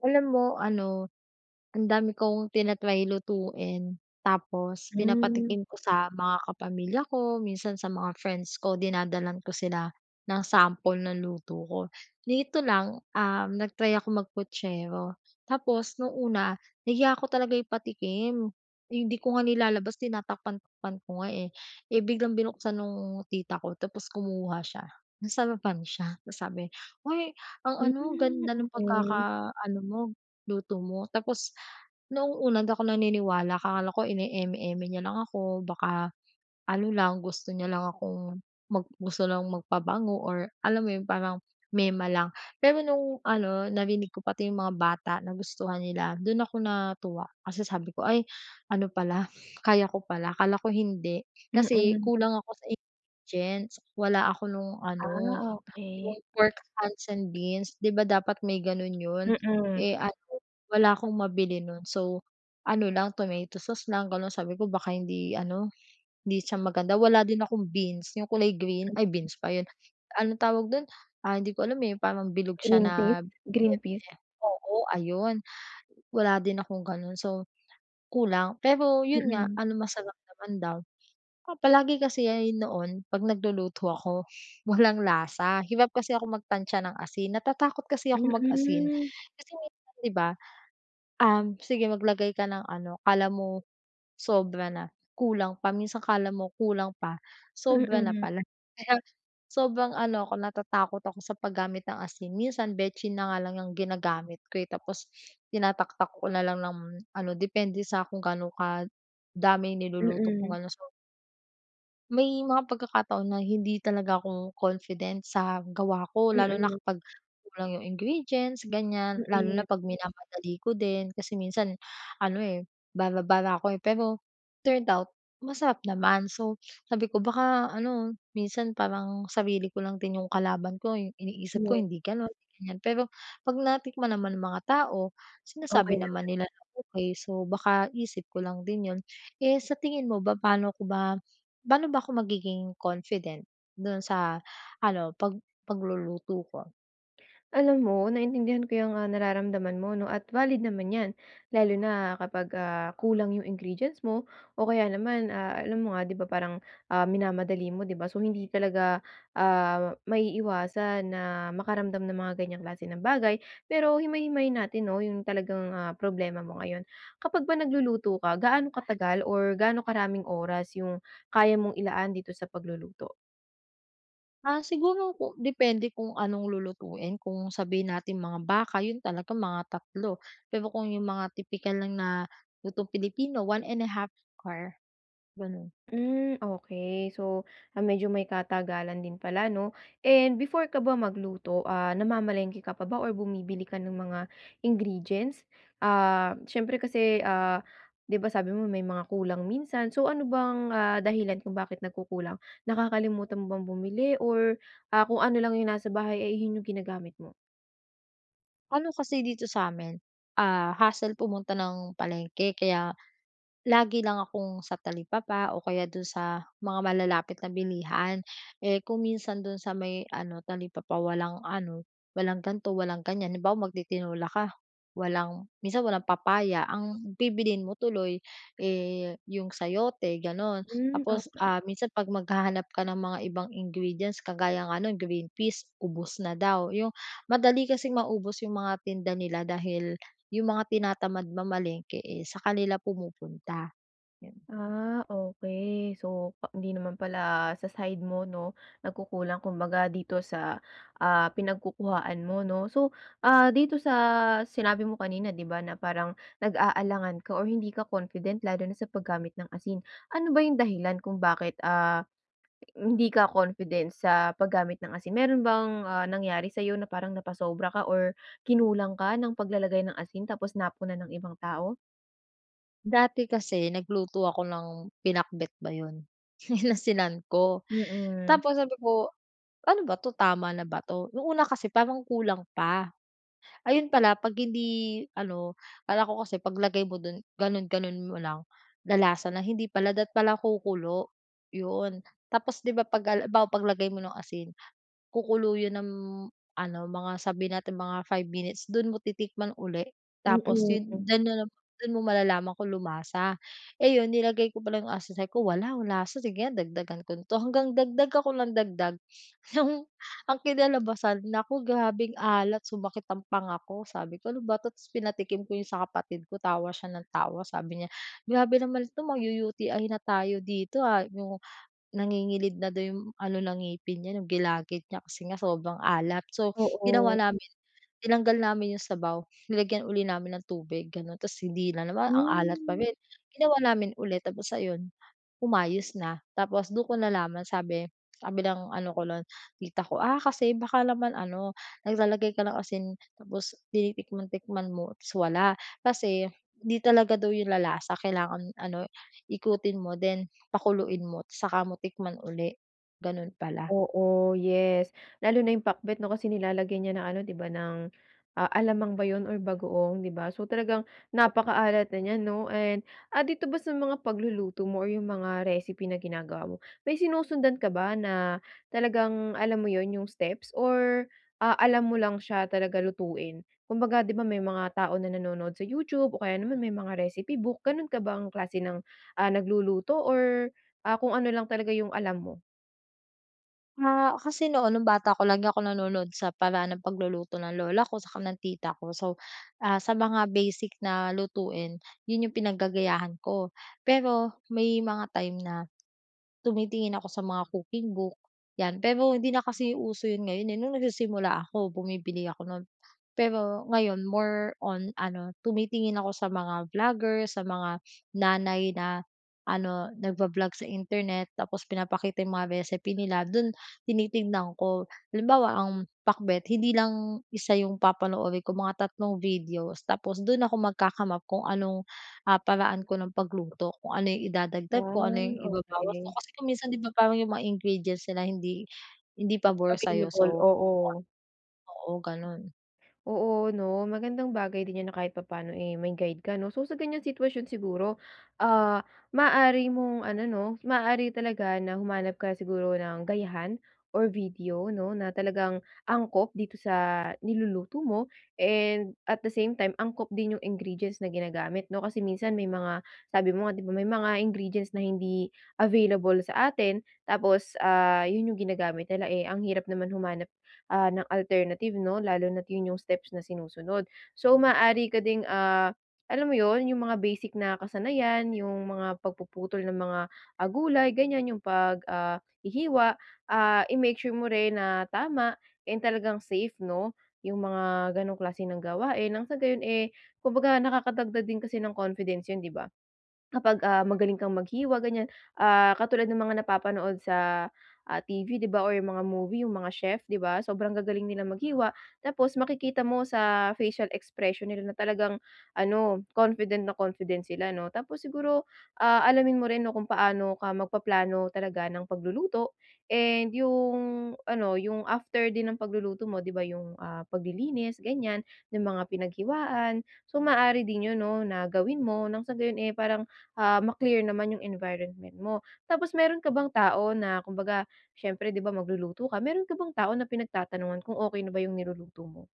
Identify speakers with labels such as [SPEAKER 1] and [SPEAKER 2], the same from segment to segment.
[SPEAKER 1] Alam mo ano, ang dami kong tina-try lutuin. Tapos
[SPEAKER 2] Hmm.
[SPEAKER 1] pinapatikim ko sa mga kapamilya ko, minsan sa mga friends ko, dinadalhan ko sila ng sample ng luto ko. Nito lang, um, nag-try ako mag Puchero, tapos nung una, nahiya ako talaga ipatikim. Hindi ko nga nilalabas, tinatakpan-takpan ko nga eh. Eh biglang binuksan nung tita ko tapos kumuha siya, nasarapan siya tapos sabi "Hoy ang ano,
[SPEAKER 2] Mm,
[SPEAKER 1] ganda ng
[SPEAKER 2] okey.
[SPEAKER 1] pagkaka ano mo, luto mo." tapos noong una hindi ako naniniwala akala ko ine-eme-eme niya lang ako. Baka ano lang, gusto niya lang akong mag gusto lang magpabango or alam mo yun parang mema lang. Pero nung ano, narinig ko pati yung mga bata nagustuhan nila, dun ako natuwa. Kasi sabi ko "Ay ano pala, kaya ko pala, akala ko hindi." kasi
[SPEAKER 2] Mm.
[SPEAKER 1] kulang ako sa ingredients, wala ako nung
[SPEAKER 2] Ah,
[SPEAKER 1] ano,
[SPEAKER 2] okey.
[SPEAKER 1] yung Pork Hunts and beans. Di ba dapat may ganun yun?
[SPEAKER 2] Mm.
[SPEAKER 1] Eh ano, wala akong mabili nun. So, ano lang tomato sauce lang ganun sabi ko "Baka hindi ano, hindi siya maganda." Wala din akong beans yung kulay green, ay
[SPEAKER 2] [unintelligible]
[SPEAKER 1] beans ba yun, anong tawag dun? Ah, hindi ko alam eh yung parang bilog siya
[SPEAKER 2] Green peas?
[SPEAKER 1] na
[SPEAKER 2] Green
[SPEAKER 1] berde.
[SPEAKER 2] peas.
[SPEAKER 1] Oo, ayun. Wala din akong ganun so kulang. Pero yun nga
[SPEAKER 2] Mm.
[SPEAKER 1] ano masarap naman daw. Saka palagi kasi yan noon 'pag nagluluto ako, walang lasa. Hirap kasi akong mag tantsa ng asin. Natatakot kasi akong mag-asin
[SPEAKER 2] Mm.
[SPEAKER 1] kasi minsan di ba, um, sige maglagay ka ng ano, akala mo sobra na, kulang pa. Minsan akala mo kulang pa, sobra na
[SPEAKER 2] Mm.
[SPEAKER 1] pala. Kaya sobrang ano ako, natatakot ako sa paggamit ng asin, minsan betsin na nga lang yang ginagamit ko eh. Tapos tinataktak ko na lang ng ano depende sa kung gaano kadami yung niluluto kong
[SPEAKER 2] Mm.
[SPEAKER 1] ano so May mga pagkakataon na hindi talaga ako confident sa gawa ko lalo na
[SPEAKER 2] Mm.
[SPEAKER 1] kapag kulang yung ingredients ganyan. Lalo na
[SPEAKER 2] Mm.
[SPEAKER 1] pag minamadali ko din. Kasi minsan ano, eh, bara-bara ako, eh. Pero turned out masarap naman. So, sabi ko baka ano, minsan parang sarili ko lang din yung kalaban ko, eh. Yung iniisip ko
[SPEAKER 2] [unintelligible]
[SPEAKER 1] hindi ganun, hindi ganyan pero pag natikman naman ng mga tao,
[SPEAKER 2] Okey
[SPEAKER 1] sinasabi
[SPEAKER 2] lang
[SPEAKER 1] naman
[SPEAKER 2] yan.
[SPEAKER 1] nila na okey, so, baka isip ko lang din yun. Eh sa tingin mo ba paano ko ba paano ba ako magiging confident dun sa ano pag pagluluto ko?
[SPEAKER 2] Alam mo naintindihan ko yang, ah, nararamdaman mo, no, at valid naman yan. Lalo na kapag, ah, kulang yung ingredients mo o kaya naman, ah, alam mo nga di ba, parang, ah, minamadali mo, di ba? So, hindi talaga, ah, maiiwasan na makaramdam ng mga ganyang klase ng bagay. Pero himay-himayin natin, no, yung talagang, ah, problema mo ngayon. Kapag ba nagluluto ka, gaano katagal or gaano karaming oras yung kaya mong ilaan dito sa pagluluto?
[SPEAKER 1] Ah, siguro kung depende kung anong lulutuin, kung sabihin natin mga baka, yun talaga mga 3. Pero kung yung mga tipikal lang na lutong Pilipino, 1 1/2 can, ganun.
[SPEAKER 2] Hmm, okey. So, ah, medyo may katagalan din pala, 'no, and before ka ba magluto, ah, namamalengke ka pa ba or bumibili ka ng mga ingredients? Ah, siyempre kasi, ah, 'di ba, sabi mo may mga kulang minsan, so ano bang, ah, dahilan kung bakit nagkukulang? Nakakalimutan mo bang bumili or, ah, kung ano lang yung nasa bahay ay 'yon yung ginagamit mo?
[SPEAKER 1] Ano kasi dito sa'min, ah, hassle pumunta ng palengke kaya lagi lang akong sa talipapa o kaya dun sa mga malalapit na bilihan. Eh, kung minsan, dun sa may ano, talipapa walang ano, walang gan'to, walang ganyan. Halimbawa, mag-titinola ka, walang minsan walang papaya. Ang bibilhin mo tuloy, eh, yung sayote, gano'n.
[SPEAKER 2] Hmm,
[SPEAKER 1] Tapos,
[SPEAKER 2] okey
[SPEAKER 1] ah, minsan 'pag maghahanap ka ng mga ibang ingredients, kagaya nga no'n, green peas, ubos na daw. Yung madali kasing maubos yung mga tinda nila dahil yung mga tinatamad mamalengke, eh, sa kanila pumupunta, 'yon.
[SPEAKER 2] Ah, okey. So, pa hindi naman pala sa side mo 'no, nagkukulang. Kumbaga dito sa, ah, pinagkukuhaan mo 'no. So, ah, dito sa sinabi mo kanina, 'di ba na parang nag-aalangan ka or hindi ka confident lalo na sa paggamit ng asin. Ano ba yung dahilan kung bakit, ah, hindi ka confident sa paggamit ng asin, meron bang, ah, nangyari sa'yo na parang napasobra ka or kinulang ka ng paglalagay ng asin tapos napuna ng ibang tao?
[SPEAKER 1] Dati kasi nagluto ako ng pinakbet ba 'yon, inasinan ko.
[SPEAKER 2] Mm.
[SPEAKER 1] Tapos sabi ko, ano ba 'to, tama na ba 'to? No'ng una kasi parang kulang pa, ayun pala 'pag hindi ano akala ko kasi 'pag lagay mo dun, ganun-ganun mo lang, lalasa na, hindi pala dapat pala kukulo, 'yon. Tapos, 'di ba, 'pag haliwbawa, 'pag lagay mo ng asin, kukulo yun ng ano, mga sabihin natin, mga 5 minutes, dun mo titikman ulit tapos, 'yun,
[SPEAKER 2] Mm.
[SPEAKER 1] dun mo dun mo malalaman kung lumasa. Eh, yun nilagay ko pala yung asin sabi ko, "Wala walang lasa, sige nga dagdagan ko 'to", hanggang dagdag ako nang dagdag. Nung ang kinalabasan, naku! Grabeng alat, sumakit ang panga ko. Sabi ko, "Ano ba 'to?" ta's pinatikim ko yun sa kapatid ko, tawa siya ng tawa, sabi niya, "Grabe naman 'to magyu-UTI na tayo dito, ah", yung nangingilid na daw yung ano ng ngipin niya, yung gilagid niya kasi nga sobrang alat. So,
[SPEAKER 2] Oo.
[SPEAKER 1] ginawa namin, tinanggal namin yung sabaw, nilagyan ulit namin ng tubig, gano'n, tapos hindi na naman ang alat pa
[SPEAKER 2] Hmm.
[SPEAKER 1] rin, ginawa namin ulit, tapos ayon, umayos na. Tapos, dun ko nalaman sabi, sabi ng ano ko nun, tita ko, "Ah, kasi baka naman, ano, naglalagay ka ng asin tapos tinitikman-tikman mo ta's wala", kasi, 'di talaga daw yun lalasa kailangan, ano, ikutin mo then pakuluin mo tsaka mo tikman ulit. Gano'n pala.
[SPEAKER 2] Oo, yes lalo na yung pakbet, 'no, kasi nilalagyan 'yan ng ano, 'di ba, ng, a alamang ba yun or bagoong, 'di ba? So, talagang napakaalat na n'yan, 'no? And, ah, dito ba sa mga pagluluto mo or yung mga recipe na ginagawa mo, may sinusundan ka ba na talagang, alam mo yun, yung steps or, ah, alam mo lang siya talaga lutuin? Kumbaga, 'di ba, may mga tao na nanonood sa YouTube o kaya naman may mga recipe book, ganun ka bang klase ng, ah, nagluluto or kung, ah, ano lang talaga yung alam mo?
[SPEAKER 1] Ah, kasi noon nung bata ko lagi ako nanonood sa paraan ng pagluluto ng lola ko saka ng tita ko. So, ah, sa mga basic na lutuin yun yung pinag gagayahan ko. Pero may mga time na, tumitingin ako sa mga cooking book, yan. Pero hindi na kasi uso yun ngayon nung nagsisimula ako bumibili ako nun. Pero ngayon more on ano tumitingin ako sa mga vlogger, sa mga nanay na ano nag-vo-vlog sa Internet, tapos pinapakita yung mga recipe nila, dun tinitignan ko. Halimbawa ang Pakbet hindi lang isa yung papanoorin ko mga 3 videos tapos dun ako magka-come up kung anong ah, paraan ko ng pagluto. Kung ano yung idadagdag ko,
[SPEAKER 2] Ah
[SPEAKER 1] ano yung ibabawas ko
[SPEAKER 2] okey.
[SPEAKER 1] kasi kung minsan di ba parang yung mga ingredients nila hindi hindi pabor sayo
[SPEAKER 2] Available
[SPEAKER 1] so
[SPEAKER 2] oo.
[SPEAKER 1] Oo ganun.
[SPEAKER 2] Oo no magandang bagay din niya na kahit papaano eh, may guide ka no? So sa ganyang sitwasyon siguro ah, maaari mong ano 'no, maaari talaga na humanap ka siguro ng gayahan or video no? Na talagang angkop dito sa niluluto mo and at the same time angkop din yung ingredients na ginagamit no? Kasi minsan may mga sabi mo nga di ba may mga ingredients na hindi available sa atin. Tapos ah, yun yung ginagamit nila eh ang hirap naman humanap ah, ng alternative 'no lalo na at yun yung steps na sinusunod. So maaari ka ding ah, alam mo yun yung mga basic na kasanayan yung mga pagpuputol ng mga ah, gulay ganyan yung pag ah, hihiwa ah, i-make sure mo rin na tama and talagang safe no? Yung mga ganung klase ng gawain. Ng sa gayon eh, kumbaga nakakadagdag din kasi ng confidence yun di ba? Kapag ah, magaling kang maghiwa ganyan ah, katulad ng mga napapanood sa ah, TV di ba or yung mga movie yung mga chef di ba? Sobrang gagaling nila maghiwa. Tapos makikita mo sa facial expression nila na talagang ano confident na confident sila no. Tapos siguro ah, alamin mo rin kung paano ka magpaplano talaga ng pagluluto and yung ano yung after din ng pagluluto mo di ba yung ah, paglilinis ganyan yung mga pinaghiwaan so maaari din yun no na gawin mo ng sa gayon, eh, parang ah, ma-clear naman yung environment mo. Tapos meron ka bang tao na kumbaga siyempre di ba magluluto ka? Meron ka bang tao na pinagtatanungan kung okey na ba yung niluluto mo?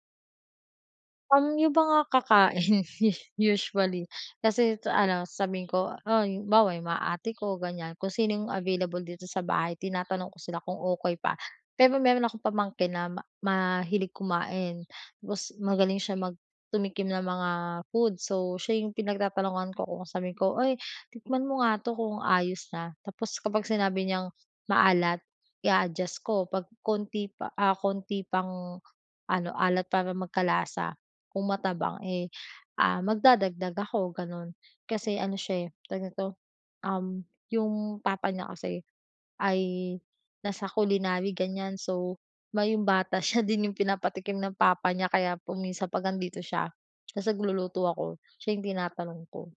[SPEAKER 1] Um, yung mga kakain usually, kasi sa ano sasabihin ko "Hoy!" Halimbawa yung mga ate ko ganyan kung sino yung available dito sa bahay tinatanong ko sila kung okey pa. Pero meron akong pamangkin na ma mahilig kumain tapos magaling siya mag tumikim ng mga food so siya yung pinagtatanungan ko, kung sabihin ko, "Oy tikman mo nga 'to kung ayos na". Tapos kapag sinabi niyang maalat i-a-adjust ko 'pag konti pa ah, konti pang ano alat para magkalasa kung matabang eh, ah, magdadagdag ako ganun. Kasi ano siya eh tawag nito, um, yung papa niya kasi ay nasa culinary ganyan. So may yung bata siya din yung pinapatikim ng papa niya kaya kung minsan 'pag andito siya tas nagluluto ako, siya yung tinatanong ko.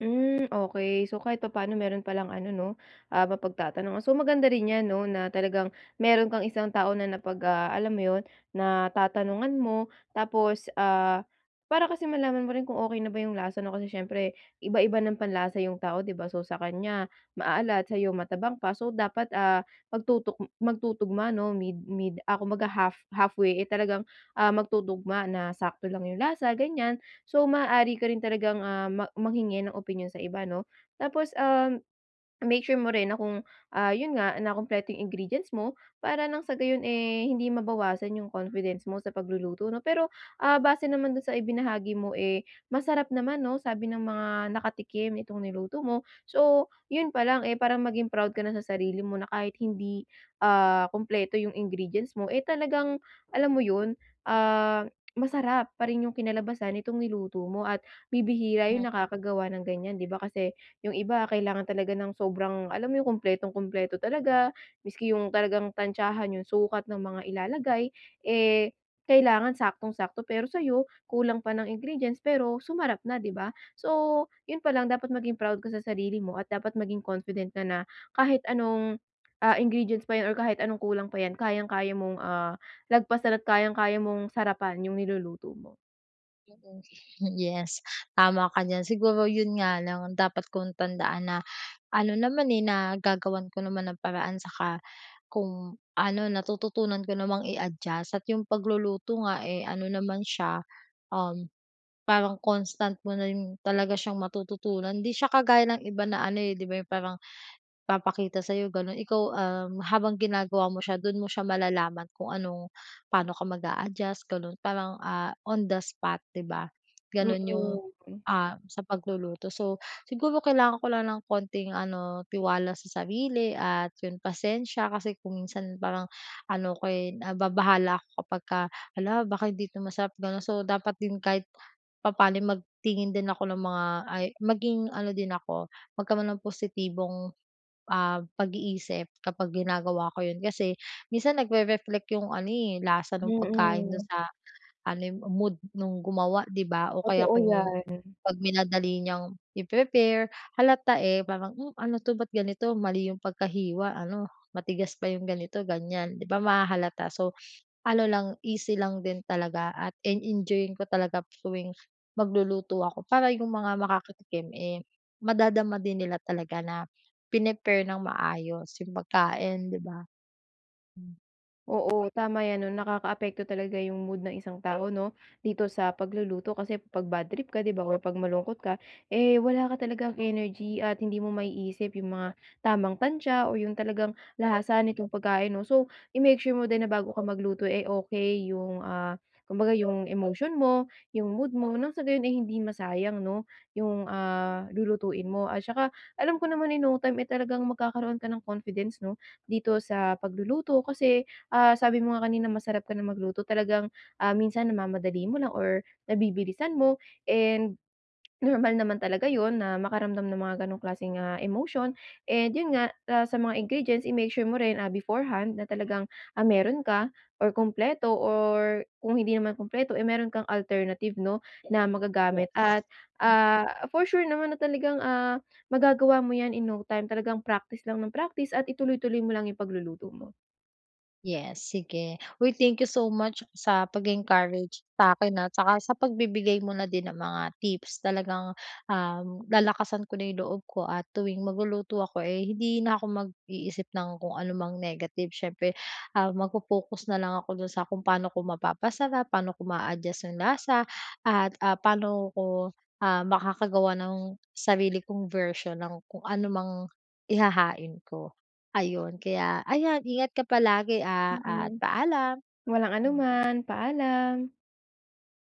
[SPEAKER 2] Hmm okey, so kahit papano meron palang ano 'no, ah mapagtatanongan. So maganda rin yan no na talagang meron kang isang tao na napag, ah, alam mo yon natatanungan mo tapos ah, para kasi malaman mo rin kung okey na ba yong lasa no. Kasi siyempre iba-iba ng panlasa yung tao, 'di ba? So sa kanya maalat, sayo matabang pa, so dapat ah, magtutok magtutugma no mid mid ako mag ha half halfway eh talagang ah, magtutugma na sakto lang yung lasa ganyan. So maaari ka rin talagang ah, mang manghingi ng opinyon sa iba 'no? Tapos, um, make sure mo rin na kung ah, yun nga na kumpleto yung ingredients mo, para nang sa gayon eh hindi mabawasan yung confidence mo sa pagluluto, 'no? Pero ah, base naman dun sa ibinahagi mo eh, masarap naman, 'no? Sabi ng mga nakatikim itong niluto mo, so yun pa lang eh parang maging proud ka na sa sarili mo na kahit hindi ah, kumpleto yung ingredients mo, eh talagang alam mo yun, ah, masarap pa rin yung kinalabasan nitong niluto mo at bibihira yung
[SPEAKER 1] Hmm.
[SPEAKER 2] nakagawa ng ganyan, 'di ba? Kasi yung iba kailangan talaga ng sobrang alam mo yun kumpletong-kumpleto talaga, miski yung talagang tantiyahan yung sukat ng mga ilalagay, eh kailangan saktong-sakto pero sayo kulang pa ng ingredients pero sumarap na, 'di ba? So yun pa lang dapat maging proud ka sa sarili mo at dapat maging confident ka na kahit anong ah, ingredients pa yan or kahit anong kulang pa yan kayang-kaya mong ah, lagpasan at kayang-kaya mong sarapan yung niluluto mo.
[SPEAKER 1] Mm, hmm, yes, tama ka diyan. Siguro yun nga lang dapat kong tandaan na ano naman, eh, nagagawan ko naman ng paraan, saka kung ano, natututunan ko namang i-adjust at yung pagluluto nga, eh, ano naman siya, uhm, parang constant mo na rin talaga siyang matututunan. Di siya kagaya ng iba na ano, eh, di ba, yung parang papakita sayo, ganun. Ikaw, uhm, habang ginagawa mo siya, dun mo siya malalaman kung ano, paano ka mag a-adjust, ganun. Parang, ah, on the spot, di ba,
[SPEAKER 2] Mm,
[SPEAKER 1] ganun yung,
[SPEAKER 2] hmm.
[SPEAKER 1] ah, sa pagluluto. So, siguro kailangan ko lang ng konting ano, tiwala sa sarili at yun pasensya. Kasi kung minsan parang ano ko, eh, nababahala ako kapagka, "Hala, baka hindi to masarap". Ganun. So dapat din kahit papaano ay magtingin din ako ng mga ay, maging ano din ako, magkaroon ng positibong, ah, pag-iisip kapag ginagawa ko yun. Kasi minsan nag-rereflect yung ano, eh, lasa nung pagkain dun
[SPEAKER 2] Mm.
[SPEAKER 1] sa ano, eh, mood nung gumawa, di ba? O kaya
[SPEAKER 2] Totoo
[SPEAKER 1] kung
[SPEAKER 2] yan.
[SPEAKER 1] pag minadali niyang i-prepare, halata, eh, parang, "Hmm, ano to? Ba't ganito mali 'yong pagkahiwa, ano, matigas pa yung ganito, ganyan." Di ba, mahahalata? So, ano lang, easy lang din talaga at en enjoying ko talaga tuwing magluluto ako para yung mga makakatikim, eh, madadama din nila talaga na prinepare ng maayos yung pagkain, di ba? Hmm.
[SPEAKER 2] Oo, tama 'yan ano? Nakakaapekto talaga yung mood ng isang tao 'no? Dito sa pagluluto kasi, 'pag badtrip ka 'di ba, o 'pag malungkot ka, eh, wala ka talagang energy at hindi mo maiisip yung mga tamang tantiya, o yung talagang lasa nitong pagkain 'no? So, i-make sure mo din na bago ka magluto, eh, okey yung, ah, kumbaga yung emotion mo, yung mood mo. Nang sa gayon ay hindi masayang 'no yung, ah, lulutuin mo. At saka alam ko naman, in no time, eh, talagang magkakaroon ka ng confidence 'no, dito sa pagluluto kasi, ah, sabi mo nga kanina masarap ka na magluto. Talagang, ah, minsan namamadali mo lang or nabibilisan mo, and normal naman talaga yun na makaramdam ng mga gano'ng klaseng, ah, emotion. And yun nga, ah, sa mga ingredients, i-make sure mo rin, ah, beforehand na talagang, ah, meron ka or kumpleto or kung hindi naman kumpleto, eh, meron kang alternative 'no na magagamit. At,
[SPEAKER 1] Yes. Hmm
[SPEAKER 2] ah, for sure naman na talagang, ah, magagawa mo 'yan in no time. Talagang practice lang nang practice, at ituloy-tuloy mo lang yung pagluluto mo.
[SPEAKER 1] Yes, sige. Uy, thank you so much sa pag-e-encourage sa akin, ha, 'tsaka sa pagbibigay mo na din ng mga tips. Talagang, um, lalakasan ko na yung loob ko at tuwing magluluto ako, eh, hindi na ako mag-iisip nang kung anumang negative. Siyempre, ah, magfo-focus na lang ako do'n sa kung paano ko mapapasarap. Paano ko maa-adjust yung lasa at, ah, paano ko, ah, makakagawa ng sarili kong version ng kung anumang ihahain ko. Ayun, kaya ayan ingat ka palagi, ah, at
[SPEAKER 2] Hm.
[SPEAKER 1] paalam.
[SPEAKER 2] Walang anuman. Paalam.